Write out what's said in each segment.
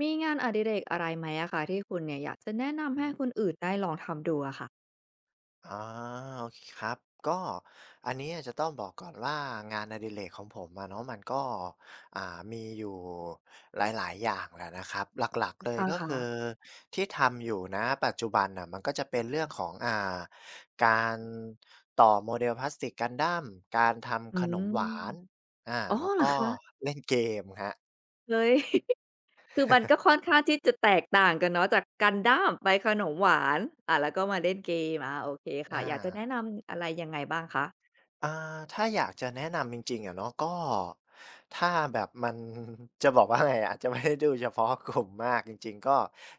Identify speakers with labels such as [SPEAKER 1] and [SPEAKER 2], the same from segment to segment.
[SPEAKER 1] มีงานอดิเรกอะไรไหมอะคะ ที่คุณเนี่ยอยากจะแนะน
[SPEAKER 2] อ
[SPEAKER 1] ำให้ค
[SPEAKER 2] ืม
[SPEAKER 1] นอื่นได้ลองทำดูอะค่ะ?
[SPEAKER 2] อา โอเคครับ ก็อันเนี้ยจะต้องบอกก่อนว่า งานอดิเรกของผมอะเนาะ มันก็ อ่า มีอยู่หลาย ๆ อย่างแหละนะครับ หลัก ๆ เลย
[SPEAKER 1] อา
[SPEAKER 2] ก็
[SPEAKER 1] ค่
[SPEAKER 2] คื
[SPEAKER 1] ะ
[SPEAKER 2] อที่ทำอยู่ ณ ปัจจุบันน่ะ มันก็จะเป็นเรื่องของ อ่า การต่อ model พลาสติก Gundam การท
[SPEAKER 1] อื
[SPEAKER 2] ำขน
[SPEAKER 1] ม
[SPEAKER 2] มหวาน อา
[SPEAKER 1] อ๋อ
[SPEAKER 2] แล้ว
[SPEAKER 1] เหร
[SPEAKER 2] ก
[SPEAKER 1] อ
[SPEAKER 2] ็
[SPEAKER 1] คะ?
[SPEAKER 2] เล่นเกมครับ
[SPEAKER 1] เฮ้ย คือมันก็ค่อนข้างที่จะแตกต่างกันเนาะ จาก Gundam ไปขนมหวาน อะ แล้วก็มาเล่นเกม อา โอเคค
[SPEAKER 2] อ
[SPEAKER 1] ่ะ อยากจะแนะ
[SPEAKER 2] า
[SPEAKER 1] นำอะไรยังไงบ้างคะ?
[SPEAKER 2] อ่า ถ้าอยากจะแนะนำจริง ๆ อะเนาะ ก็ถ้าแบบ มัน จะบอกว่า ไงอะ จะไม่ได้ดูเฉพาะกลุ่ม มากจริง ๆ ก็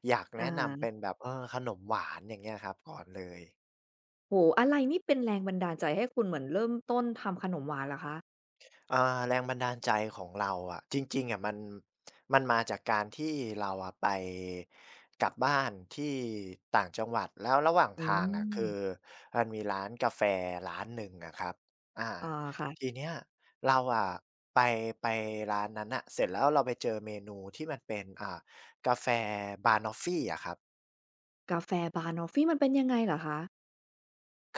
[SPEAKER 2] อยาก
[SPEAKER 1] อ
[SPEAKER 2] แน
[SPEAKER 1] ะ
[SPEAKER 2] ะน
[SPEAKER 1] ฮ
[SPEAKER 2] ำเป
[SPEAKER 1] ะ
[SPEAKER 2] ็นแบบ เออ ขนมหวานอย่างเงี้ยครับ ก่อนเลย
[SPEAKER 1] โอ้โฮ อะไรนี่เป็นแรงบันดาลใจให้คุณเหมือนเริ่มต้นทำขนมหวานเหรอคะ?
[SPEAKER 2] อ่า แรงบันดาลใจของเราอะ จริง ๆ อะ มัน มันมาจากการที่เราอะไป กลับบ้านที่ต่างจังหวัด แล้วระหว่าง
[SPEAKER 1] อื
[SPEAKER 2] ทางอะ คือ
[SPEAKER 1] ม
[SPEAKER 2] มันมีร้านกาแฟร้านหนึ่งอะครับ อา
[SPEAKER 1] อา ค่ะ
[SPEAKER 2] ทีเนี้ยเราอะ ไป ไปร้านนั้นน่ะ เสร็จแล้วเราไปเจอเมนูที่มันเป็น อ่า กาแฟ Banoffee อะครับ
[SPEAKER 1] กาแฟบะนอฟฟี มันเป็นยังไงเหรอคะ?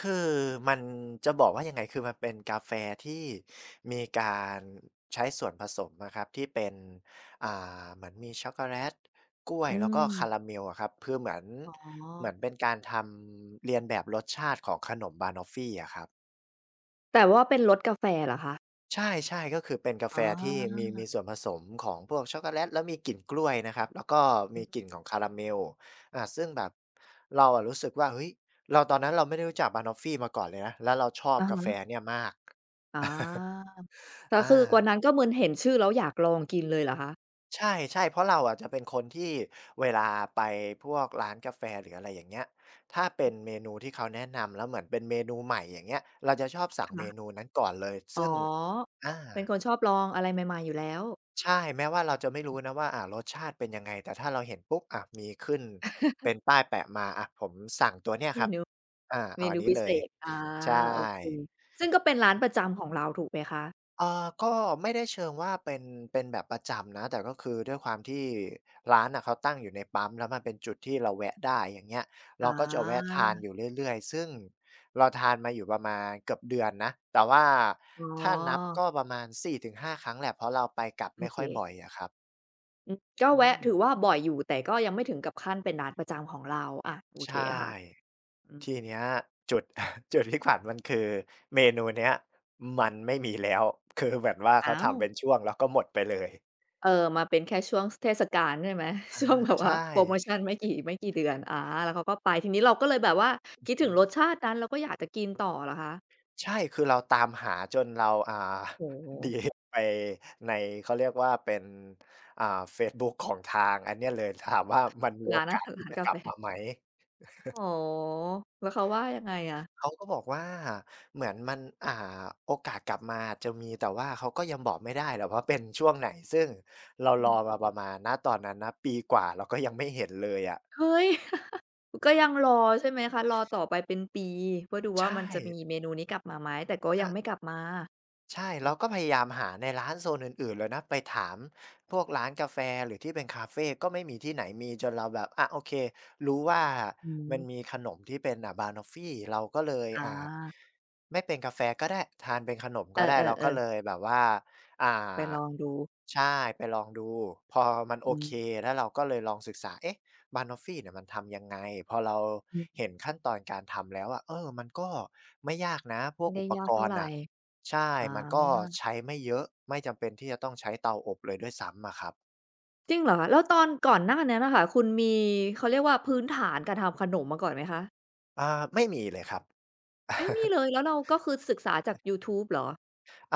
[SPEAKER 2] คือมันจะบอกว่ายังไง? คือมันเป็นกาแฟที่มีการใช้ส่วนผสมอะครับ ที่เป็น อ่า เหมือนมี ช็อกโกแลต กล้ว
[SPEAKER 1] อ
[SPEAKER 2] ย
[SPEAKER 1] ื
[SPEAKER 2] แล้วก็คา
[SPEAKER 1] ม
[SPEAKER 2] ราเมลอะครับ คือเหมือน
[SPEAKER 1] อ๋
[SPEAKER 2] เหม
[SPEAKER 1] อ
[SPEAKER 2] ือนเป็นการทำเลียนแบบรสชาติของขนมบานอฟฟีอะครับ
[SPEAKER 1] แต่ว่าเป็นรสกาแฟเหรอคะ?
[SPEAKER 2] ใช่ ๆ ก็คือเป็นกาแ
[SPEAKER 1] อ
[SPEAKER 2] ฟ
[SPEAKER 1] ๋อ
[SPEAKER 2] ที่มี มีส่วนผสมของพวกช็อกโกแลตแล้วมีกลิ่นกล้วยนะครับ แล้วก็
[SPEAKER 1] อ
[SPEAKER 2] ม
[SPEAKER 1] ื
[SPEAKER 2] ี
[SPEAKER 1] อฮี
[SPEAKER 2] กลิ่นของคาราเมล อะ ซึ่งแบบเราอะรู้สึกว่า เฮ้ย เรา ตอนนั้นเราไม่ได้รู้จักบานอฟฟีมาก่อนเลยนะ แล้วเราชอบ
[SPEAKER 1] อะ
[SPEAKER 2] กา
[SPEAKER 1] ฮ
[SPEAKER 2] แฟ
[SPEAKER 1] ะ
[SPEAKER 2] เนี่ยมาก
[SPEAKER 1] อ๋อ แล้ว
[SPEAKER 2] อา
[SPEAKER 1] คือวันนั้นก็เหมือนเห็นชื่อแล้วอยากลองกินเลยเหรอคะ?
[SPEAKER 2] ใช่ ๆ เพราะเราอาจจะเป็นคนที่เวลาไปพวกร้านกาแฟหรืออะไรอย่างเงี้ย ถ้าเป็นเมนูที่เขาแนะนำแล้วเหมือนเป็นเมนูใหม่ อย่างเงี้ย เราจะชอบส
[SPEAKER 1] ค
[SPEAKER 2] ั่งเม
[SPEAKER 1] ่ะ
[SPEAKER 2] นูนั้นก่อนเลย ซ
[SPEAKER 1] อ
[SPEAKER 2] ึ
[SPEAKER 1] ๋
[SPEAKER 2] ่
[SPEAKER 1] อ
[SPEAKER 2] ง อา
[SPEAKER 1] เป็นคนชอบลองอะไรใหม่ ๆ อยู่แล้ว
[SPEAKER 2] ใช่แม้ว่าเราจะไม่รู้นะว่า อ่า รสชาติเป็นยังไง? แต่ถ้าเราเห็นปุ๊บ อะ มีขึ้นเป็นป้ายแปะมา อะ ผมสั่งตัวเนี่ย
[SPEAKER 1] เม
[SPEAKER 2] ครั
[SPEAKER 1] น
[SPEAKER 2] บ อ
[SPEAKER 1] ู
[SPEAKER 2] า เ
[SPEAKER 1] เ
[SPEAKER 2] อ
[SPEAKER 1] ม
[SPEAKER 2] าอ
[SPEAKER 1] น
[SPEAKER 2] ัน
[SPEAKER 1] ู
[SPEAKER 2] นี
[SPEAKER 1] พ
[SPEAKER 2] ้
[SPEAKER 1] ิ
[SPEAKER 2] เล
[SPEAKER 1] เศ
[SPEAKER 2] ย
[SPEAKER 1] ษ อา
[SPEAKER 2] ใช่
[SPEAKER 1] โอเค ซึ่งก็เป็นร้
[SPEAKER 2] อ
[SPEAKER 1] า
[SPEAKER 2] ะ อื
[SPEAKER 1] น
[SPEAKER 2] ม
[SPEAKER 1] ประจำของเราถูกไหมคะ?
[SPEAKER 2] อ่า ก็ไม่ได้เชิงว่าเป็น เป็นแบบประจำนะ แต่ก็คือด้วยความที่ร้านน่ะเขาตั้งอยู่ในปั๊ม แล้วมันเป็นจุดที่เราแวะได้ อย่างเงี้ย เ
[SPEAKER 1] อ
[SPEAKER 2] ร
[SPEAKER 1] ๋
[SPEAKER 2] าก็จะแวะทาน
[SPEAKER 1] อ
[SPEAKER 2] อยู่เรื่อย ๆ ซึ่งเราทานมาอยู่ประมาณเกือบเดือนนะ แต่ว่า
[SPEAKER 1] อ๋
[SPEAKER 2] ถ้านับ
[SPEAKER 1] อ
[SPEAKER 2] ก็ประมาณ 4-5 ครั้งแหละ เพราะเราไปกลับไ
[SPEAKER 1] โอ
[SPEAKER 2] ม่ค
[SPEAKER 1] เ
[SPEAKER 2] ่อยบ
[SPEAKER 1] ค
[SPEAKER 2] ่อยอะครับ
[SPEAKER 1] อืม ก็
[SPEAKER 2] อื
[SPEAKER 1] แวะถือ
[SPEAKER 2] ม
[SPEAKER 1] ว่าบ่อยอยู่ แต่ก็ยังไม่ถึงกับขั้นเป็นร้านประจำของเรา อา โอ
[SPEAKER 2] ใช
[SPEAKER 1] เค
[SPEAKER 2] ่
[SPEAKER 1] ค่ะ อื
[SPEAKER 2] ท
[SPEAKER 1] ม
[SPEAKER 2] ีเนี้ยจุด จุดที่ขำ มันคือเมนูเนี้ยมันไม่มีแล้ว คือแบบว่า
[SPEAKER 1] อ
[SPEAKER 2] เข
[SPEAKER 1] ้
[SPEAKER 2] า
[SPEAKER 1] า
[SPEAKER 2] ทำเป็
[SPEAKER 1] ว
[SPEAKER 2] นช่วง แล้วก็หมดไปเลย
[SPEAKER 1] เออ มาเป็นแค่ช่วง ส เทศกาลใช่ไหม?
[SPEAKER 2] อ
[SPEAKER 1] ช
[SPEAKER 2] า
[SPEAKER 1] ่วงแบบ
[SPEAKER 2] ใ
[SPEAKER 1] ว
[SPEAKER 2] ช
[SPEAKER 1] ่า
[SPEAKER 2] ่
[SPEAKER 1] โพรโมชันไม่กี่ ไม่กี่เดือน อา แล้วเขาก็ไป ทีนี้เราก็เลยแบบว่า
[SPEAKER 2] อื
[SPEAKER 1] ค
[SPEAKER 2] อ
[SPEAKER 1] ิด
[SPEAKER 2] ฮ
[SPEAKER 1] ถึง
[SPEAKER 2] ึ
[SPEAKER 1] รสชาตินั้นแล้วก็อยากจะกินต่อเหรอคะ?
[SPEAKER 2] ใช่ คือเราตามหาจนเรา อ่า
[SPEAKER 1] โอ้โ
[SPEAKER 2] หนี
[SPEAKER 1] ฮ
[SPEAKER 2] ไปใน เขาเรียกว่าเป็น อ่า เฟซบุ๊กของทางอันเนี้ยเลย ถามว่ามันมี
[SPEAKER 1] ร
[SPEAKER 2] โอ
[SPEAKER 1] ้าน
[SPEAKER 2] ก
[SPEAKER 1] อา
[SPEAKER 2] า
[SPEAKER 1] ห
[SPEAKER 2] ส
[SPEAKER 1] าร
[SPEAKER 2] ที
[SPEAKER 1] ร้
[SPEAKER 2] ่
[SPEAKER 1] าน
[SPEAKER 2] จะ
[SPEAKER 1] กา
[SPEAKER 2] กลั
[SPEAKER 1] แฟ
[SPEAKER 2] บมาไหม?
[SPEAKER 1] อ๋อ แล้วเขาว่ายังไงอะ?
[SPEAKER 2] เขาก็บอกว่า เหมือนมัน อ่า โอกาสกลับมาอาจจะมี แต่ว่าเขาก็ยังบอกไม่ได้หรอกว่าเป็นช่วงไหน ซึ่งเรา
[SPEAKER 1] อ
[SPEAKER 2] ร
[SPEAKER 1] ื
[SPEAKER 2] อ
[SPEAKER 1] ม
[SPEAKER 2] มาประมาณ ณ ตอนนั้นนะ ปีกว่าเราก็ยังไม่เห็นเลยอะ
[SPEAKER 1] เฮ้ย ก็ยังรอใช่ไหมคะ? รอต่อไปเป็นปีเพื่อดู
[SPEAKER 2] ใช
[SPEAKER 1] ว่า มันจะมี
[SPEAKER 2] ่
[SPEAKER 1] เมนูนี้กลับมาไหม แต่ก็
[SPEAKER 2] ช
[SPEAKER 1] ยังไ
[SPEAKER 2] ะ
[SPEAKER 1] ม่กลับมา
[SPEAKER 2] ใช่ เราก็พยายามหาในร้านโซนอื่น ๆ เลยนะ ไปถามพวกร้านกาแฟหรือที่เป็นคาเฟก็ไม่มีที่ไหนมี จนเราแบบ อะ โอเค รู้ว่า
[SPEAKER 1] อือฮ
[SPEAKER 2] มัน
[SPEAKER 1] ึ
[SPEAKER 2] มีขนมที่เป็น อะ บะนอฟฟี เราก็เลย
[SPEAKER 1] อ
[SPEAKER 2] อ่า
[SPEAKER 1] า
[SPEAKER 2] ไม่เป็นกาแฟก็ได้ทานเป็นขนมก
[SPEAKER 1] เอ
[SPEAKER 2] ็ได้ เราก
[SPEAKER 1] อ
[SPEAKER 2] ็
[SPEAKER 1] ๆ
[SPEAKER 2] เ
[SPEAKER 1] ๆ
[SPEAKER 2] ลยแบบว่า อ่า
[SPEAKER 1] ไปลองดู
[SPEAKER 2] ใช่ ไปลองดู พอมันโอ
[SPEAKER 1] อื
[SPEAKER 2] เค
[SPEAKER 1] ม
[SPEAKER 2] แล้วเราก็เลยลองศึกษา เอ๊ะ บะนอฟฟีเนี่ยมันทำยังไง? พอเรา
[SPEAKER 1] อือฮึ
[SPEAKER 2] เห็นขั้นตอนการทำแล้วอะ เออ มันก็ไม่ยากนะพ
[SPEAKER 1] ไ
[SPEAKER 2] ว
[SPEAKER 1] ม
[SPEAKER 2] ก
[SPEAKER 1] ่ได
[SPEAKER 2] อ
[SPEAKER 1] ้
[SPEAKER 2] ุป
[SPEAKER 1] ยา
[SPEAKER 2] ก
[SPEAKER 1] กเท่า
[SPEAKER 2] รณ
[SPEAKER 1] ไร
[SPEAKER 2] ์น่ะ ใช่
[SPEAKER 1] อ
[SPEAKER 2] มันก็
[SPEAKER 1] า
[SPEAKER 2] ใช้ไม่เยอะ ไม่จำเป็นที่จะต้องใช้เตาอบเลยด้วยซ้ำอะครับ
[SPEAKER 1] จริงเหรอคะ? แล้วตอนก่อนหน้านั้นน่ะค่ะ คุณมี เขาเรียกว่า พื้นฐานการทำขนมมาก่อนไหมคะ?
[SPEAKER 2] อ่า ไม่มีเลยครับ
[SPEAKER 1] ไม่มีเลย แล้วเราก็คือศึกษาจากยูทูบเหรอ?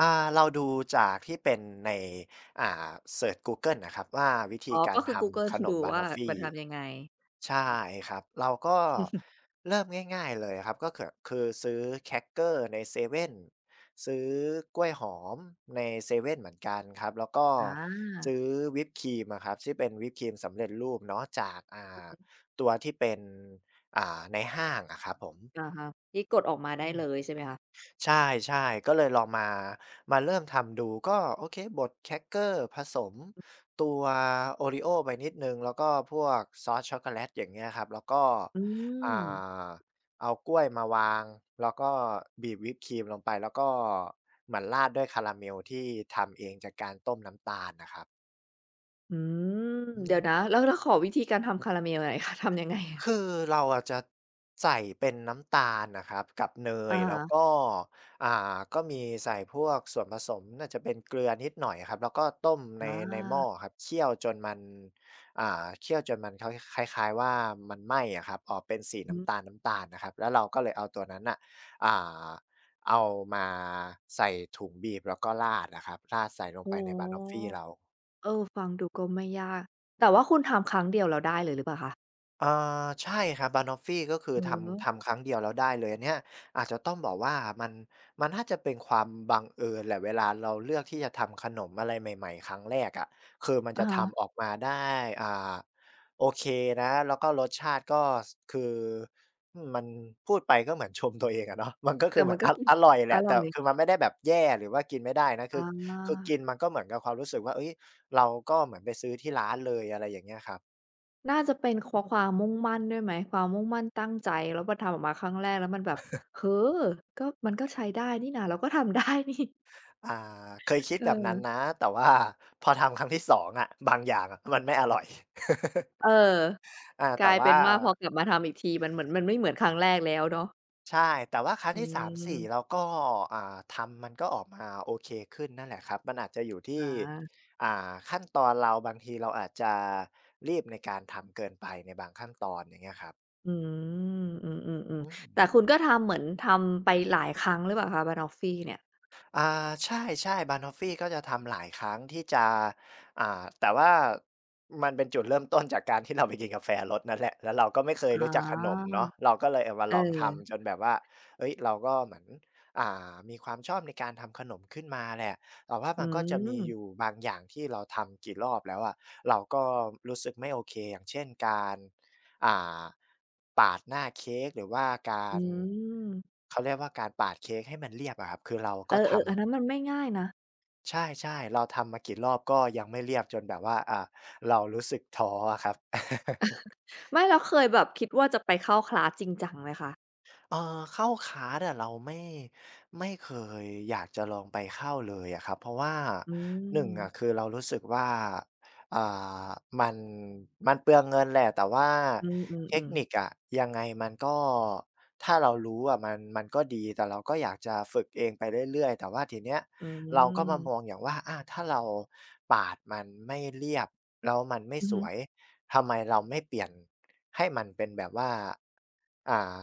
[SPEAKER 2] อา เราดูจากที่เป็นใน อ่า เซิร์ช google น่ะครับว่า วิธ
[SPEAKER 1] อ
[SPEAKER 2] ี
[SPEAKER 1] ๋อ
[SPEAKER 2] กา
[SPEAKER 1] ก็
[SPEAKER 2] ร
[SPEAKER 1] คือ
[SPEAKER 2] ท
[SPEAKER 1] google
[SPEAKER 2] ำข
[SPEAKER 1] คือ
[SPEAKER 2] น
[SPEAKER 1] ดู
[SPEAKER 2] มบะ
[SPEAKER 1] ว
[SPEAKER 2] น
[SPEAKER 1] ่า
[SPEAKER 2] อฟฟี
[SPEAKER 1] มันทำยังไง?
[SPEAKER 2] ใช
[SPEAKER 1] อ
[SPEAKER 2] ่
[SPEAKER 1] ืม
[SPEAKER 2] ครับ เราก็เริ่มง่าย ๆ เลยอะครับ ก็เกิด คือซื้อแครกเกอร์ในเซเว่น ซื้อกล้วยหอมในเซเว่นเหมือนกันครับ แล้วก็
[SPEAKER 1] อ
[SPEAKER 2] ซ
[SPEAKER 1] า
[SPEAKER 2] ื้อวิปครีมอะครับที่เป็นวิปครีมสำเร็จรูปเนาะจาก อ่
[SPEAKER 1] อะ
[SPEAKER 2] า
[SPEAKER 1] ฮะ
[SPEAKER 2] ตัวที่เป็น อ่า ในห้างอะครับผม
[SPEAKER 1] อะฮะ ที่กดออกมา
[SPEAKER 2] อ
[SPEAKER 1] ไ
[SPEAKER 2] ื
[SPEAKER 1] ด้
[SPEAKER 2] ม
[SPEAKER 1] เลยใช่ไหมคะ?
[SPEAKER 2] ใช่ ๆ ก็เลยลองมา มาเริ่มทำดู ก็ โอเค บดแครกเกอร์ผสมตัวโอริโอ้ไปนิดหนึ่ง แล้วก็พวกซอสช็อกโกแลต อย่างเงี้ยครับ แล้วก็
[SPEAKER 1] อื
[SPEAKER 2] อ่า
[SPEAKER 1] ม
[SPEAKER 2] เอากล้วยมาวาง แล้วก็บีบวิปครีมลงไป แล้วก็เหมือนราดด้วยคาราเมลที่ทำเองจากการต้มน้ำตาลน่ะครับ
[SPEAKER 1] อืม
[SPEAKER 2] อื
[SPEAKER 1] เดี๋ยวน
[SPEAKER 2] ม
[SPEAKER 1] ะ แล้ว แล้วขอวิธีการทำคาราเมล หน่อยคะ ทำยังไงอะ?
[SPEAKER 2] คือเราอะจะใส่เป็นน้ำตาลนะครับกับเน
[SPEAKER 1] อ
[SPEAKER 2] ย
[SPEAKER 1] ะฮ
[SPEAKER 2] แล้ว
[SPEAKER 1] ะ
[SPEAKER 2] ก็ อ่า ก็มีใส่พวกส่วนผสม น่าจะเป็นเกลือนิดหน่อยอะครับ แล้วก็ต้มใน
[SPEAKER 1] อ
[SPEAKER 2] ในหม้อ
[SPEAKER 1] า
[SPEAKER 2] ครับ เคี่ยวจนมัน อ่า เคี่ยวจนมันเค้า คล้าย ๆ ว่ามันไหม้อะครับ ออกเป็นสี
[SPEAKER 1] อ
[SPEAKER 2] น
[SPEAKER 1] ื
[SPEAKER 2] ้
[SPEAKER 1] ม
[SPEAKER 2] ำตาล ๆ นะครับ แล้วเราก็เลยเอาตัวนั้นน่ะ อ่า เอามาใส่ถุงบีบ แล้วก็ราดอะครับ ราดใส่ลง
[SPEAKER 1] โอ
[SPEAKER 2] ไ
[SPEAKER 1] ้
[SPEAKER 2] ปในบ
[SPEAKER 1] โ
[SPEAKER 2] ะ
[SPEAKER 1] ฮ
[SPEAKER 2] นอฟฟีเรา
[SPEAKER 1] เออ ฟังดูก็ไม่ยาก แต่ว่าคุณทำครั้งเดียวแล้วได้เลยหรือเปล่าคะ?
[SPEAKER 2] อ่า ใช่ครับ บะนอฟฟี ก็คือ
[SPEAKER 1] อื
[SPEAKER 2] ท
[SPEAKER 1] อฮ
[SPEAKER 2] ำ
[SPEAKER 1] ึ
[SPEAKER 2] ทำครั้งเดียวแล้วได้เลย อันเนี้ยอาจจะต้องบอกว่า มัน มันน่าจะเป็นความบังเอิญแหละ เวลาเราเลือกที่จะทำขนมอะไรใหม่ ๆ ครั้งแรกอะ คือมัน
[SPEAKER 1] อ
[SPEAKER 2] จ
[SPEAKER 1] ะ
[SPEAKER 2] ะ
[SPEAKER 1] ฮ
[SPEAKER 2] ท
[SPEAKER 1] ะ
[SPEAKER 2] ำออกมาได้ อ่า โอเคนะ แล้วก็รสชาติก็ ช คือมันพูดไปก็เหมือนชม ตัวเองอะเนาะ มันก็
[SPEAKER 1] แ
[SPEAKER 2] ค
[SPEAKER 1] ต
[SPEAKER 2] ื
[SPEAKER 1] ่
[SPEAKER 2] อเห
[SPEAKER 1] ม
[SPEAKER 2] มื
[SPEAKER 1] ั
[SPEAKER 2] อ
[SPEAKER 1] น
[SPEAKER 2] น
[SPEAKER 1] ก
[SPEAKER 2] อ
[SPEAKER 1] ็
[SPEAKER 2] ะ
[SPEAKER 1] กิน
[SPEAKER 2] อร่อยแห
[SPEAKER 1] อ
[SPEAKER 2] ละ
[SPEAKER 1] ร
[SPEAKER 2] แ
[SPEAKER 1] ่
[SPEAKER 2] ต่
[SPEAKER 1] อย
[SPEAKER 2] คือมันไม่ได้แบบแย่ หรือว่ากินไม่ได้นะ ค
[SPEAKER 1] อ
[SPEAKER 2] ือ คือก
[SPEAKER 1] า
[SPEAKER 2] ินมันก็เหมือนกับความรู้สึกว่า เฮ้ย! เราก็เหมือนไปซื้อที่ร้านเลย อะไรอย่างเงี้ยครับ
[SPEAKER 1] น่าจะเป็น ค
[SPEAKER 2] อ
[SPEAKER 1] ว
[SPEAKER 2] ืม
[SPEAKER 1] ความมุ่งมั่นด้วยไหม? ความมุ่งมั่นตั้งใจ แล้วพอทำออกมาครั้งแรกแล้วมันแบบ เออ! ก็ มันก็ใช้ได้นี่นะ เราก็ทำ ได้นี่
[SPEAKER 2] อ่า เคยคิดแบบนั้น
[SPEAKER 1] เออ
[SPEAKER 2] นะ แต่ ว่า พอทำครั้งที่ 2 อะ บางอย่างมันไม่อร่อย
[SPEAKER 1] เออ
[SPEAKER 2] อ่า
[SPEAKER 1] ก
[SPEAKER 2] แต
[SPEAKER 1] ล
[SPEAKER 2] ่
[SPEAKER 1] าย
[SPEAKER 2] ว
[SPEAKER 1] เป
[SPEAKER 2] ่
[SPEAKER 1] ็
[SPEAKER 2] า
[SPEAKER 1] นว่า พอกลับมาทำอีกที มันเหมือน มันไม่เหมือนครั้งแรกแล้วเนาะ
[SPEAKER 2] ใช่ แต่ว่าครั้
[SPEAKER 1] อ
[SPEAKER 2] ง
[SPEAKER 1] ื
[SPEAKER 2] ที่ 3,4
[SPEAKER 1] ม
[SPEAKER 2] เราก็ อ่า ทำมันก็ออกมาโอเคขึ้นนั่นแหละครับ มันอาจจะอยู่ท
[SPEAKER 1] อ
[SPEAKER 2] ี่
[SPEAKER 1] า
[SPEAKER 2] อ่า ขั้นตอนเรา บางทีเราอาจจะรีบในการทำเกินไปในบางขั้นตอน อย่างเงี้ยครับ
[SPEAKER 1] อือ อื
[SPEAKER 2] อ
[SPEAKER 1] ม
[SPEAKER 2] ื
[SPEAKER 1] ๆ ๆ แต่
[SPEAKER 2] ม
[SPEAKER 1] คุณก็ทำเหมือน ทำไปหลายครั้งหรือเปล่าคะ? บะนอฟฟีเนี่ย
[SPEAKER 2] อ่า ใช่ ๆ บะนอฟฟีก็จะทำหลายครั้งที่จะ อ่า แต่ว่ามันเป็นจุดเริ่มต้นจากการที่ เราไปกินกาแฟรสนั้นแหละ แล้วเราก็ไม่เคย
[SPEAKER 1] อ๋
[SPEAKER 2] รู
[SPEAKER 1] อ
[SPEAKER 2] ้จักขนมเนาะ เราก็เลยเอามา
[SPEAKER 1] เอ
[SPEAKER 2] ลองท
[SPEAKER 1] อ
[SPEAKER 2] ำจนแบบว่า เฮ้ย เราก็เหมือน อ่า มีความชอบในการทำขนมขึ้นมาแหละ แต่ว่า
[SPEAKER 1] อ
[SPEAKER 2] ม
[SPEAKER 1] ื
[SPEAKER 2] ันก็จะมีอ
[SPEAKER 1] ม
[SPEAKER 2] ยู่บางอย่างที่เราทำกี่รอบแล้วอะ เราก็รู้สึกไม่โอเค อย่างเช่น การ อ่า ปาดหน้าเค้ก หรือว่ากา
[SPEAKER 1] อื
[SPEAKER 2] ร
[SPEAKER 1] ม
[SPEAKER 2] เขาเรียกว่าการปาดเค้กให้มันเรียบอะครับ คือเรา
[SPEAKER 1] เอ
[SPEAKER 2] ก็
[SPEAKER 1] อ
[SPEAKER 2] ท
[SPEAKER 1] ๆ อ
[SPEAKER 2] ำ
[SPEAKER 1] ันนั้นมันไม่ง่ายนะ
[SPEAKER 2] ใช่ ๆ เราทำมากี่รอบก็ยังไม่เรียบจนแบบว่า อ่า เรารู้สึกท้ออะครับ
[SPEAKER 1] ไม่ แล้วเคยแบบคิดว่าจะไปเข้าคลาสจริงจังไหมคะ?
[SPEAKER 2] เอ่อ เข้าคลาสอะเราไม่ ไม่เคยอยากจะลองไปเข้าเลยอะครับ เพราะว่า
[SPEAKER 1] อื
[SPEAKER 2] 1 อะ
[SPEAKER 1] ม
[SPEAKER 2] คือเรารู้สึกว่า อ่า มัน มันเปลืองเงินแหละ แต่ว่า
[SPEAKER 1] อื
[SPEAKER 2] เท
[SPEAKER 1] ม
[SPEAKER 2] คน
[SPEAKER 1] ๆ ๆ
[SPEAKER 2] ิคอะ ยังไงมันก็ ถ้าเรารู้อะ มัน มันก็ดีแต่เราก็อยากจะฝึกเองไปเรื่อย ๆ แต่ว่าทีเนี้ย
[SPEAKER 1] อื
[SPEAKER 2] เราก็มา
[SPEAKER 1] ม
[SPEAKER 2] มองอย่างว่า อา ถ้าเราปาดมันไม่เรียบแล้วมันไม่
[SPEAKER 1] อือ
[SPEAKER 2] ส
[SPEAKER 1] ฮึ
[SPEAKER 2] วย ทำไมเราไม่เปลี่ยนให้มันเป็นแบบว่า อ่า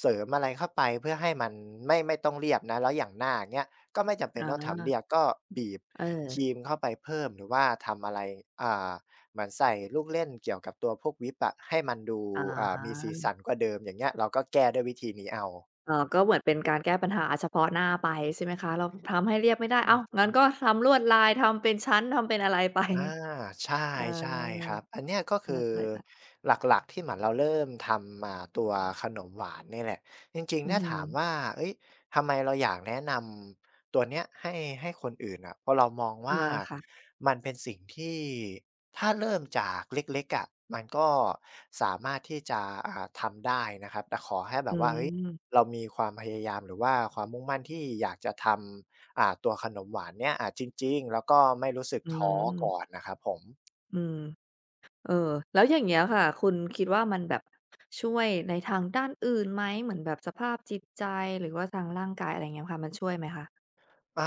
[SPEAKER 2] เสริมอะไรเข้าไป เพื่อให้มันไม่ ไม่ต้องเรียบนะ แล้วอย่างหน้า อย่างเงี้ย ก็ไม่จำเป็
[SPEAKER 1] อ๋
[SPEAKER 2] นต้องทำเ
[SPEAKER 1] อ
[SPEAKER 2] รียบ ก็บีบค
[SPEAKER 1] เออ
[SPEAKER 2] รีมเข้าไปเพิ่มหรือว่าทำอะไร อ่า เหมือนใส่ลูกเล่นเกี่ยวกับตัวพวกวิปอะ ให้มันดู
[SPEAKER 1] อ
[SPEAKER 2] อ่า มีสีส
[SPEAKER 1] า
[SPEAKER 2] ันกว่าเดิม อย่างเงี้ย เราก็แก้ด้วยวิธีนี้เอา
[SPEAKER 1] อ๋อ ก็เหมือนเป็นการแก้ปัญหา อะ เฉพาะหน้าไป ใช่ไหมคะ เราทำให้เรียบไม่ได้
[SPEAKER 2] อื
[SPEAKER 1] อ้าว
[SPEAKER 2] อฮึ
[SPEAKER 1] งั้นก็ทำลวดลาย ทำเป็นชั้น ทำเป็นอะไร ไป
[SPEAKER 2] อา ใช
[SPEAKER 1] เออ
[SPEAKER 2] ่ ๆ ครับ อันเนี้ย ก็คือ
[SPEAKER 1] ใช่ ๆ ค่ะ
[SPEAKER 2] หลัก ๆ ที่เหมือนเราเริ่มทำ อ่า ตัวขนมหวานนี่แหละ จริง
[SPEAKER 1] อื
[SPEAKER 2] ๆ ถ
[SPEAKER 1] ้อ
[SPEAKER 2] ้า
[SPEAKER 1] ฮื
[SPEAKER 2] ถาม
[SPEAKER 1] อ
[SPEAKER 2] ว่า เฮ้ย ทำไมเราอยากแนะนำตัวเนี้ยให้ ให้คนอื่นอะ พอเรามอง
[SPEAKER 1] อ
[SPEAKER 2] ว
[SPEAKER 1] า
[SPEAKER 2] ่า
[SPEAKER 1] ค่ะ
[SPEAKER 2] มันเป็นสิ่งที่ ถ้าเริ่มจากเล็ก ๆ อะ มันก็สามารถที่จะ อ่า ทำได้นะครับ แต่ขอให้แบ
[SPEAKER 1] อื
[SPEAKER 2] บว่า เฮ้ย
[SPEAKER 1] อ
[SPEAKER 2] เรามีความพยายามหรือว่าความมุ่งมั่นที่อยากจะทำ อ่า ตัวขนมหวานเนี่ย อา จริง ๆ แล้วก็ไม่รู้สึก
[SPEAKER 1] อื
[SPEAKER 2] ท้อก
[SPEAKER 1] อ
[SPEAKER 2] ่อนนะครับผม
[SPEAKER 1] อืม เออ แล้วอย่างเงี้ยค่ะ คุณคิดว่ามันแบบช่วยในทางด้านอื่นไหม เหมือนแบบสภาพจิตใจ หรือว่าทางร่างกาย อะไรอย่างเงี้ยค่ะ มันช่วยไหมคะ?
[SPEAKER 2] อ่า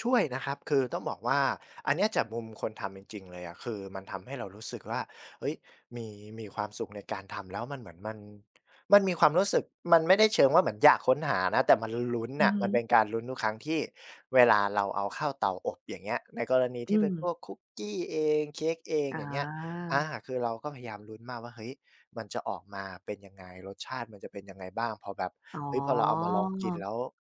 [SPEAKER 2] ช่วยนะครับ คือต้องบอกว่าอันเนี้ยจากมุมคนทำจริง ๆ เลยอะ คือมันทำให้เรารู้สึกว่า เฮ้ย มี มีความสุขในการทำแล้วมันเหมือนมัน มันมีความรู้สึก มันไม่ได้เชิงว่าเหมือนอยากค้นหานะ แต่มันลุ้น
[SPEAKER 1] อ
[SPEAKER 2] น
[SPEAKER 1] ื
[SPEAKER 2] ่
[SPEAKER 1] อ
[SPEAKER 2] ะ
[SPEAKER 1] ฮ
[SPEAKER 2] มัน
[SPEAKER 1] ึ
[SPEAKER 2] เป็นการลุ้นทุกครั้งที่เวลาเราเอาเข้าเตาอบ อย่างเงี้ย ในกรณี
[SPEAKER 1] อ
[SPEAKER 2] ท
[SPEAKER 1] ื
[SPEAKER 2] ี่เป็นพ
[SPEAKER 1] ม
[SPEAKER 2] วกคุกกี้เอง เค้กเอง
[SPEAKER 1] อ
[SPEAKER 2] อย่างเงี้ย อา
[SPEAKER 1] า
[SPEAKER 2] คือเราก็พยายามลุ้นมากว่า เฮ้ย มันจะออกมาเป็นยังไง รสชาติมันจะเป็นยังไงบ้าง พอแบบ
[SPEAKER 1] อ๋
[SPEAKER 2] เฮ้ย พอเราเอามาลองกิน
[SPEAKER 1] อ
[SPEAKER 2] แล้ว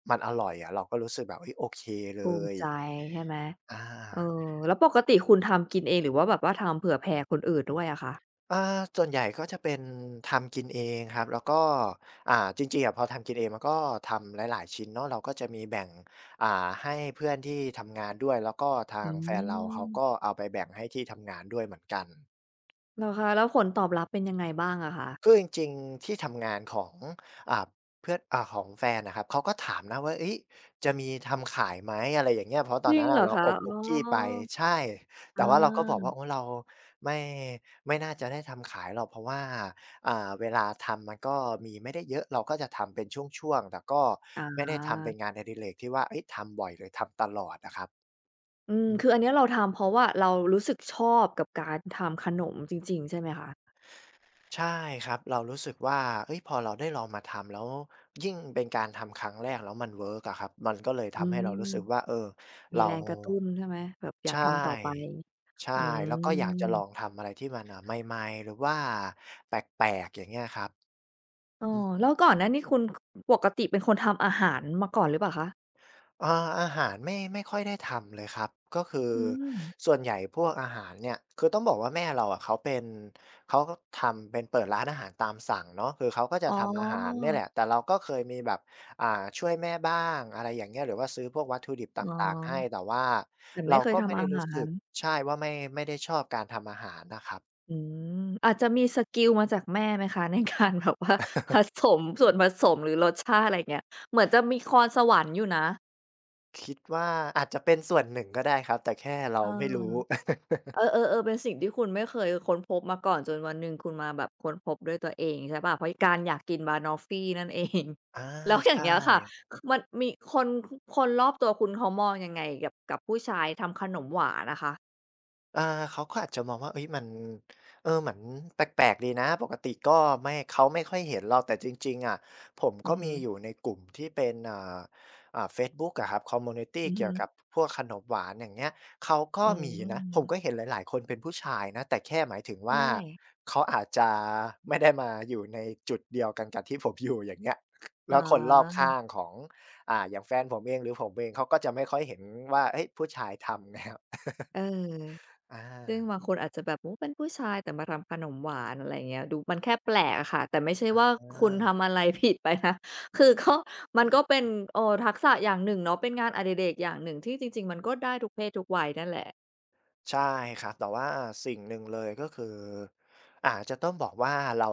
[SPEAKER 2] มันอร่อยอะ เราก็รู้สึกแบบ เฮ้ย โอเคเ
[SPEAKER 1] ภ
[SPEAKER 2] ล
[SPEAKER 1] ูมิ
[SPEAKER 2] ย
[SPEAKER 1] ใจใช่ไหม
[SPEAKER 2] อ
[SPEAKER 1] เออ
[SPEAKER 2] า
[SPEAKER 1] แล้วปกติคุณทำกินเองหรือว่าแบบว่าทำเผื่อแผ่คนอื่นด้วยอะคะ?
[SPEAKER 2] อ่า ส่วนใหญ่ก็จะเป็นทำกินเองครับ แล้วก็ อ่า จริง ๆ อะ พอทำกินเอง มันก็ทำหลาย ๆ ชิ้นเนาะ เราก็จะมีแบ่ง อ่า ให้เพื่อนที่ทำงานด้วย แล้วก็ท
[SPEAKER 1] อ
[SPEAKER 2] า
[SPEAKER 1] ื
[SPEAKER 2] งแฟนเราเขาก
[SPEAKER 1] ม
[SPEAKER 2] ็เอาไปแบ่งให้ที่ทำงานด้วยเหมือนกัน
[SPEAKER 1] เหรอคะ แล้วผลตอบรับเป็นยังไงบ้างอะคะ?
[SPEAKER 2] คือจริง ๆ ที่ทำงานของ อ่า เพื่อน อ่า ของแฟนอะครับ เขาก็ถามนะว่า เฮ้ย จะมีทำขายไหม อะไรอย่างเงี้ย เพราะต
[SPEAKER 1] จ
[SPEAKER 2] อน
[SPEAKER 1] ริ
[SPEAKER 2] นั้
[SPEAKER 1] ง
[SPEAKER 2] น
[SPEAKER 1] เ
[SPEAKER 2] น่
[SPEAKER 1] หร
[SPEAKER 2] ะ
[SPEAKER 1] อ
[SPEAKER 2] เรา
[SPEAKER 1] คะ?
[SPEAKER 2] อบ
[SPEAKER 1] อ๋
[SPEAKER 2] ค
[SPEAKER 1] อ
[SPEAKER 2] ุกกี้ไป ใช่
[SPEAKER 1] อ
[SPEAKER 2] แต
[SPEAKER 1] า
[SPEAKER 2] ่ว่าเราก็บอกว่า โอ๊ย เราไม่-ไม่น่าจะได้ทำขายหรอก เพราะว่า อ่า เวลาทำ มันก็มีไม่ได้เยอะ เราก็จะทำเป็นช่วง ๆ แต่ก็
[SPEAKER 1] อ
[SPEAKER 2] ไม่ได้ทำเป็
[SPEAKER 1] า
[SPEAKER 2] นงานอดิเรกที่ว่า เฮ้ย ทำบ่อย เลยทำตลอดอะครับ
[SPEAKER 1] อืม
[SPEAKER 2] อื
[SPEAKER 1] ค
[SPEAKER 2] ม
[SPEAKER 1] ืออันนี้เราทำ เพราะว่าเรารู้สึกชอบกับการทำขนมจริง ๆ ใช่ไหมคะ?
[SPEAKER 2] ใช่ครับ เรารู้สึกว่า เฮ้ย พอเราได้ลองมาทำ แล้วยิ่งเป็นการทำครั้งแรกแล้วมันเวิร์กอะครับ มันก็เลยท
[SPEAKER 1] อื
[SPEAKER 2] ำให้เ
[SPEAKER 1] ม
[SPEAKER 2] รารู้สึกว่า เออ
[SPEAKER 1] มี
[SPEAKER 2] เร
[SPEAKER 1] แ
[SPEAKER 2] า
[SPEAKER 1] รงกระตุ้นใช่ไหม? แบบอย
[SPEAKER 2] ใ
[SPEAKER 1] า
[SPEAKER 2] ช
[SPEAKER 1] ก
[SPEAKER 2] ่
[SPEAKER 1] ทำต่อไป
[SPEAKER 2] ใช่
[SPEAKER 1] อื
[SPEAKER 2] แล้วก็อยากจะลอ
[SPEAKER 1] ม
[SPEAKER 2] งทำอะไรที่มัน เอ่อ ใหม่ ๆ หรือว่าแปลก ๆ อย่างเงี้ยครับ
[SPEAKER 1] เอ
[SPEAKER 2] อ
[SPEAKER 1] อ
[SPEAKER 2] ืม
[SPEAKER 1] แล้วก่อนหน้านี่ คุณ ค ปกติเป็นคนทำอาหารมาก่อนหรือเปล่าคะ?
[SPEAKER 2] อ่า อาหารไม่ ไม่ค่อยได้ทำเลยครับ ก็คือ
[SPEAKER 1] อืม
[SPEAKER 2] ส่วนใหญ่พวกอาหารเนี่ย คือต้องบอกว่า แม่เราอะเขาเป็น เขาก็ทำเป็นเปิดร้านอาหารตามสั่งเนาะ คือเขาก็จะ
[SPEAKER 1] อ๋อ
[SPEAKER 2] ทำอาหารเนี่ยแหละ แต่เราก็เคยมีแบบ อ่า ช่วยแม่บ้าง อะไรอย่างเงี้ย หรือว่าซื้อพวกวัตถุดิบต
[SPEAKER 1] อ๋อ
[SPEAKER 2] ่าง ๆ ให้ แต่ว่า
[SPEAKER 1] แต่ไ
[SPEAKER 2] เ
[SPEAKER 1] ม
[SPEAKER 2] ร
[SPEAKER 1] ่
[SPEAKER 2] า
[SPEAKER 1] เคย
[SPEAKER 2] ก็
[SPEAKER 1] ท
[SPEAKER 2] ไม่
[SPEAKER 1] ำ
[SPEAKER 2] ไ
[SPEAKER 1] อ
[SPEAKER 2] ด้
[SPEAKER 1] า
[SPEAKER 2] รู
[SPEAKER 1] ห
[SPEAKER 2] ้
[SPEAKER 1] า
[SPEAKER 2] สึก
[SPEAKER 1] ร
[SPEAKER 2] ใช่ ว่าไม่ ไม่ได้ชอบการทำอาหารนะครับ
[SPEAKER 1] อืม อาจจะมีสกิลมาจากแม่ไหมคะ? ใน การแบบว่าผสมส่วนผสม หรือรสชาติ อะไรอย่างเงี้ย เหมือนจะมีพร สวรรค์อยู่นะ
[SPEAKER 2] คิดว่าอาจจะเป็นส่วนหนึ่งก็ได้ครับ แต่แค่เร
[SPEAKER 1] เ
[SPEAKER 2] า
[SPEAKER 1] ออ
[SPEAKER 2] ไม่รู้
[SPEAKER 1] เออ ๆ ๆ เป็นสิ่งที่คุณไม่เคยค้นพบมาก่อน จนวันหนึ่งคุณมาแบบค้นพบด้วยตัวเองใช่เปล่า เพราะไอ้การอยากกินบะนอฟฟี นั่นเอง
[SPEAKER 2] อา
[SPEAKER 1] แล้วอย่
[SPEAKER 2] ใช
[SPEAKER 1] างเงี้ยค่ะ
[SPEAKER 2] ่
[SPEAKER 1] ค คือมันมีคนคุ คนรอบตัวคุณเขามองยังไงกับ กับผู้ชายทำขนมหวานอะคะ?
[SPEAKER 2] อ่า เขาก็อาจจะมองว่า เฮ้ย มัน เออ เหมือนแปลก ๆ ดีนะ ปกติก็ไม่ เขาไม่ค่อยเห็นเรา แต่จริง ๆ อะ ผม
[SPEAKER 1] อื
[SPEAKER 2] ก็
[SPEAKER 1] อฮ
[SPEAKER 2] ม
[SPEAKER 1] ึ
[SPEAKER 2] ีอยู่ในกลุ่มที่เป็น อ่า อ่า เฟซบุ๊กอะครับ คอมมิวนิตี
[SPEAKER 1] อือ
[SPEAKER 2] เ
[SPEAKER 1] ฮ
[SPEAKER 2] กี่ยวกั
[SPEAKER 1] ึ
[SPEAKER 2] บพวกขนมหวาน อย่างเงี้ย เขาก็
[SPEAKER 1] อื
[SPEAKER 2] มีนะ ผม
[SPEAKER 1] ม
[SPEAKER 2] ก็เห็นหลาย ๆ คนเป็นผู้ชายนะ แต่แค่หมายถึง
[SPEAKER 1] ใ
[SPEAKER 2] ว
[SPEAKER 1] ช
[SPEAKER 2] ่า
[SPEAKER 1] ่
[SPEAKER 2] เขาอาจจะไม่ได้มาอยู่ในจุดเดียวกันกับ ที่ผมอยู่ อย่างเงี้ย แ
[SPEAKER 1] อ
[SPEAKER 2] ล
[SPEAKER 1] ๋
[SPEAKER 2] ้วคนรอบข้า
[SPEAKER 1] อ
[SPEAKER 2] งของ อ่า อย่างแฟนผมเอง หรือผมเองเขาก็จะไม่ค่อยเห็นว่า เฮ้ย ผู้ชายทำ แนว
[SPEAKER 1] เออ
[SPEAKER 2] อ
[SPEAKER 1] ซึ่ง
[SPEAKER 2] า
[SPEAKER 1] บางคนอาจจะแบบ โอ้ เป็นผู้ชาย แต่มาทำขนมหวาน อะไรอย่างเงี้ย ดูมันแค่แปลกอะค่ะ แต่ไม่ใช่
[SPEAKER 2] อ
[SPEAKER 1] ว่าคุณท
[SPEAKER 2] า
[SPEAKER 1] ำอะไร ผิดไปนะ คือก็ ม
[SPEAKER 2] อ
[SPEAKER 1] ั
[SPEAKER 2] ื
[SPEAKER 1] น
[SPEAKER 2] อ
[SPEAKER 1] ก็เป็
[SPEAKER 2] ฮ
[SPEAKER 1] น
[SPEAKER 2] ึ
[SPEAKER 1] เออ ทักษะอย่างหนึ่งเนาะ เป็นงานอดิเรกอย่างหนึ่งที่จริง ๆ มันก็ได้ทุกเพศทุกวัยนั่นแหละ
[SPEAKER 2] ใช่ครับ แต่ว่าสิ่งหนึ่งเลย ก็คืออาจจะต้องบอกว่า เรา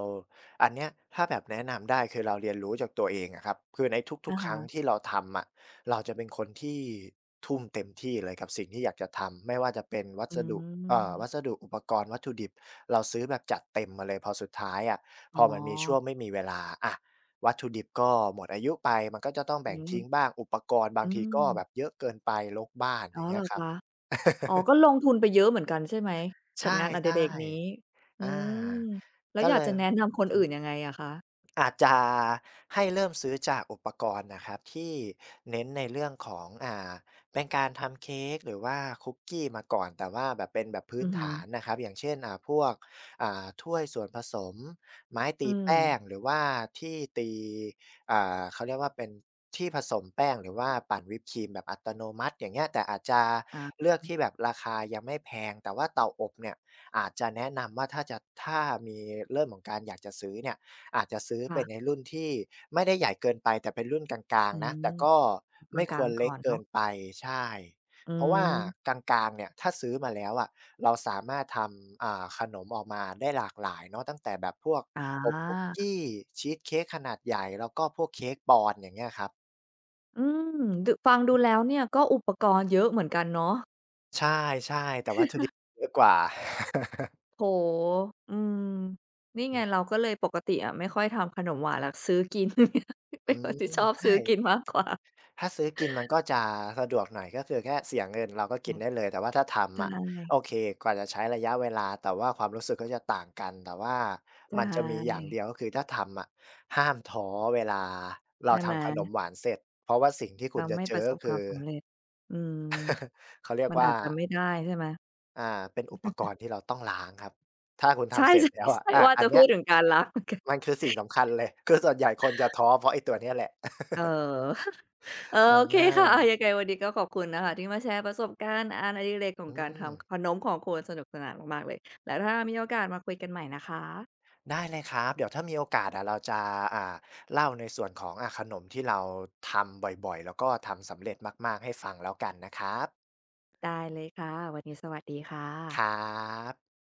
[SPEAKER 2] อันเนี้ยถ้าแบบแนะนำได้ คือเราเรียนรู้จากตัวเองอะครับ คือในท
[SPEAKER 1] อ
[SPEAKER 2] ุก
[SPEAKER 1] ะ
[SPEAKER 2] ๆ ค
[SPEAKER 1] ฮ
[SPEAKER 2] รั้ง
[SPEAKER 1] ะ
[SPEAKER 2] ที่เราทำอะ เราจะเป็นคนที่ทุ่มเต็มที่เลย กับสิ่งที่อยากจะทำ ไม่ว่าจะเป็นวั
[SPEAKER 1] อื
[SPEAKER 2] สดุ อ่า ว
[SPEAKER 1] ม
[SPEAKER 2] ัสดุอุปกรณ์ วัตถุดิบ เราซื้อแบบจัดเต็มมาเลย พอสุดท้ายอะ
[SPEAKER 1] อ
[SPEAKER 2] พ
[SPEAKER 1] ๋
[SPEAKER 2] อ
[SPEAKER 1] อ
[SPEAKER 2] มันมีช่วงไม่มีเวลา อะ วัตถุดิบก็หมดอายุไป มันก็จะต้อง
[SPEAKER 1] อ
[SPEAKER 2] แบ
[SPEAKER 1] ื
[SPEAKER 2] ่งท
[SPEAKER 1] ม
[SPEAKER 2] ิ้งบ้าง อุปกรณ์บา
[SPEAKER 1] อื
[SPEAKER 2] งทีก็แบ
[SPEAKER 1] ม
[SPEAKER 2] บเยอะเกินไป รกบ้าน
[SPEAKER 1] อ๋
[SPEAKER 2] อย
[SPEAKER 1] อ
[SPEAKER 2] ่างเง
[SPEAKER 1] เ
[SPEAKER 2] ี
[SPEAKER 1] ห
[SPEAKER 2] ้
[SPEAKER 1] ร
[SPEAKER 2] ย
[SPEAKER 1] อ
[SPEAKER 2] ครั
[SPEAKER 1] ค
[SPEAKER 2] บ
[SPEAKER 1] ะ? อ๋อ ก็ลงทุนไปเยอะเหมือนกันใช่ไหม?
[SPEAKER 2] ใช
[SPEAKER 1] กั
[SPEAKER 2] ่
[SPEAKER 1] บงานอดิเรกนี้
[SPEAKER 2] ๆ
[SPEAKER 1] อ
[SPEAKER 2] อ
[SPEAKER 1] ื้
[SPEAKER 2] า
[SPEAKER 1] อฮือ แล้
[SPEAKER 2] ก
[SPEAKER 1] ว
[SPEAKER 2] ็
[SPEAKER 1] อย
[SPEAKER 2] เล
[SPEAKER 1] าก
[SPEAKER 2] ย
[SPEAKER 1] จะแนะน
[SPEAKER 2] เ
[SPEAKER 1] ำคน
[SPEAKER 2] ออ ซื
[SPEAKER 1] อ
[SPEAKER 2] ้
[SPEAKER 1] ื่น
[SPEAKER 2] อ
[SPEAKER 1] ยังไงอะคะ?
[SPEAKER 2] อาจจะให้เริ่มซื้อจากอุปกรณ์น่ะครับที่เน้นในเรื่องของ อ่า เป็นการทำเค้กหรือว่าคุกกี้มาก่อน แต่ว่าแบบเป็นแบบพื
[SPEAKER 1] อ
[SPEAKER 2] ้
[SPEAKER 1] ื
[SPEAKER 2] น
[SPEAKER 1] อฮ
[SPEAKER 2] ฐา
[SPEAKER 1] ึ
[SPEAKER 2] นน่ะครับ อย่างเช่น อ่า พวก อ่า ถ้วยส่วนผสม ไม้ต
[SPEAKER 1] อ
[SPEAKER 2] ี
[SPEAKER 1] ื
[SPEAKER 2] แป้
[SPEAKER 1] ม
[SPEAKER 2] ง หรือว่าที่ตี อ่า เขาเรียกว่า เป็นที่ผสมแป้งหรือว่าปั่นวิปครีมแบบอัตโนมัติ อย่างเงี้ย แต่อาจจะ
[SPEAKER 1] อา
[SPEAKER 2] เลือกที่แบบราคายังไม่แพง แต่ว่าเตาอบเนี่ย อาจจะแนะนำว่า ถ้าจะ ถ้ามีเริ่มของการอยากจะซื้อเนี่ย อาจจะซื้อ
[SPEAKER 1] ค
[SPEAKER 2] ไป
[SPEAKER 1] ่ะ
[SPEAKER 2] ในรุ่นที่ไม่ได้ใหญ่เกินไป แต่เป็นรุ่นกลาง
[SPEAKER 1] อื
[SPEAKER 2] ๆ นะ แต
[SPEAKER 1] ม
[SPEAKER 2] ่ก็
[SPEAKER 1] ก
[SPEAKER 2] ไม่ค
[SPEAKER 1] ลา
[SPEAKER 2] ว
[SPEAKER 1] ง
[SPEAKER 2] ร
[SPEAKER 1] ๆ
[SPEAKER 2] เ
[SPEAKER 1] ก
[SPEAKER 2] ล
[SPEAKER 1] ่
[SPEAKER 2] ็ก
[SPEAKER 1] อน
[SPEAKER 2] เก
[SPEAKER 1] เน
[SPEAKER 2] ิ
[SPEAKER 1] าะ
[SPEAKER 2] นไป ใช่
[SPEAKER 1] อื
[SPEAKER 2] เพราะว่า
[SPEAKER 1] ม
[SPEAKER 2] กลาง ๆ เนี่ย ถ้าซื้อมาแล้วอะ เราสามารถทำ อ่า ขนมออกมาได้หลากหลายเนาะ ตั้งแต่แบบพวก
[SPEAKER 1] อ
[SPEAKER 2] อบคุกก
[SPEAKER 1] า
[SPEAKER 2] ี้ ชีสเค้กขนาดใหญ่ แล้วก็พวกเค้กปอนด์ อย่างเงี้ยครับ
[SPEAKER 1] อืม ดะ ฟังด
[SPEAKER 2] อื
[SPEAKER 1] ูแ
[SPEAKER 2] อ
[SPEAKER 1] ล้วเนี้ย ก็อุปกรณ์เยอะเหมือนกันเนาะ
[SPEAKER 2] ใช่ ๆ แต่วัตถุดิบเยอะกว่า
[SPEAKER 1] โอ้โฮ อืม น
[SPEAKER 2] อื
[SPEAKER 1] ี่
[SPEAKER 2] อฮ
[SPEAKER 1] ไง
[SPEAKER 2] ึ
[SPEAKER 1] เราก็เลย ปกติอะไม่ค่อยทำขนมหวานหรอก ซื้อกิน เ
[SPEAKER 2] อ
[SPEAKER 1] ป
[SPEAKER 2] ื
[SPEAKER 1] ็นคน
[SPEAKER 2] ม
[SPEAKER 1] ที่ชอบ
[SPEAKER 2] ใช
[SPEAKER 1] ซื้อ
[SPEAKER 2] ่
[SPEAKER 1] กินมากกว่า
[SPEAKER 2] ถ้าซื้อกินมันก็จะสะดวกหน่อย ก็คือแค่เสียเงิน เราก็ก
[SPEAKER 1] อื
[SPEAKER 2] ิน
[SPEAKER 1] ม
[SPEAKER 2] ได้เลย แต่ว่าถ้าท
[SPEAKER 1] ใช
[SPEAKER 2] ำอะ
[SPEAKER 1] ่
[SPEAKER 2] โอเค กว่าจะใช้ระยะเวลา แต่ว่าความรู้สึกก็จะต่างกัน แต่ว่า
[SPEAKER 1] ใช
[SPEAKER 2] มันจะมีอย่างเ
[SPEAKER 1] ่
[SPEAKER 2] ดียว ก็คือถ้าทำอะ ห้ามท้อเวลาเ
[SPEAKER 1] ใ
[SPEAKER 2] ร
[SPEAKER 1] ช
[SPEAKER 2] า
[SPEAKER 1] ่
[SPEAKER 2] ท
[SPEAKER 1] ไหม?
[SPEAKER 2] ำขนมหวานเสร็จ เพราะว่าสิ่งที่
[SPEAKER 1] เ
[SPEAKER 2] ค
[SPEAKER 1] ร
[SPEAKER 2] ุ
[SPEAKER 1] า
[SPEAKER 2] ณจ
[SPEAKER 1] ไ
[SPEAKER 2] ะ
[SPEAKER 1] ม่
[SPEAKER 2] เจ
[SPEAKER 1] ปร
[SPEAKER 2] อ
[SPEAKER 1] ะส
[SPEAKER 2] ก็
[SPEAKER 1] บ
[SPEAKER 2] ค
[SPEAKER 1] คว
[SPEAKER 2] ื
[SPEAKER 1] าม
[SPEAKER 2] อ
[SPEAKER 1] สำเร็จ อืม
[SPEAKER 2] เขาเรียก
[SPEAKER 1] มัน
[SPEAKER 2] ว
[SPEAKER 1] อ
[SPEAKER 2] ่า
[SPEAKER 1] าจจะไม่ได้ใช่ไหม?
[SPEAKER 2] อ่า เป็นอุปกรณ์ที่เราต้องล้างครับ ถ้าคุณ
[SPEAKER 1] ใ
[SPEAKER 2] ท
[SPEAKER 1] ช
[SPEAKER 2] ำเสร็จแล้วอะ
[SPEAKER 1] ่
[SPEAKER 2] อ
[SPEAKER 1] ๆ
[SPEAKER 2] า
[SPEAKER 1] ๆ ว่า
[SPEAKER 2] อั
[SPEAKER 1] จะ
[SPEAKER 2] นเน
[SPEAKER 1] พ
[SPEAKER 2] ี
[SPEAKER 1] ู
[SPEAKER 2] ้ย
[SPEAKER 1] ดถึงการล้าง เหมือนกัน
[SPEAKER 2] มันคือสิ่งสำคัญเลย คือส่วนใหญ่คนจะท้อเพราะไอ้ตัวนี้แหละ
[SPEAKER 1] เออ เออ
[SPEAKER 2] เออ
[SPEAKER 1] โอเค
[SPEAKER 2] น่
[SPEAKER 1] ค่ะ อา
[SPEAKER 2] า
[SPEAKER 1] ยังไงวันนี้ก็ขอบคุณนะคะ ที่มาแชร์ประสบการณ์อานอดิเรกข
[SPEAKER 2] อ
[SPEAKER 1] อง
[SPEAKER 2] ื
[SPEAKER 1] การท
[SPEAKER 2] ม
[SPEAKER 1] ำขนมของคุณ สนุกสนานมากๆ เลย แล้วถ้ามีโอกาสมาคุยกันใหม่นะคะ
[SPEAKER 2] ได้เลยครับ เดี๋ยวถ้ามีโอกาสอะ เราจะ อ่า เล่าในส่วนของ อา ขนมที่เราทำบ่อย ๆ แล้วก็ทำสำเร็จมาก ๆ ให้ฟังแล้วกันนะครับ
[SPEAKER 1] ได้เลยค่ะ วันนี้สวัสดีค่ะ
[SPEAKER 2] ครับ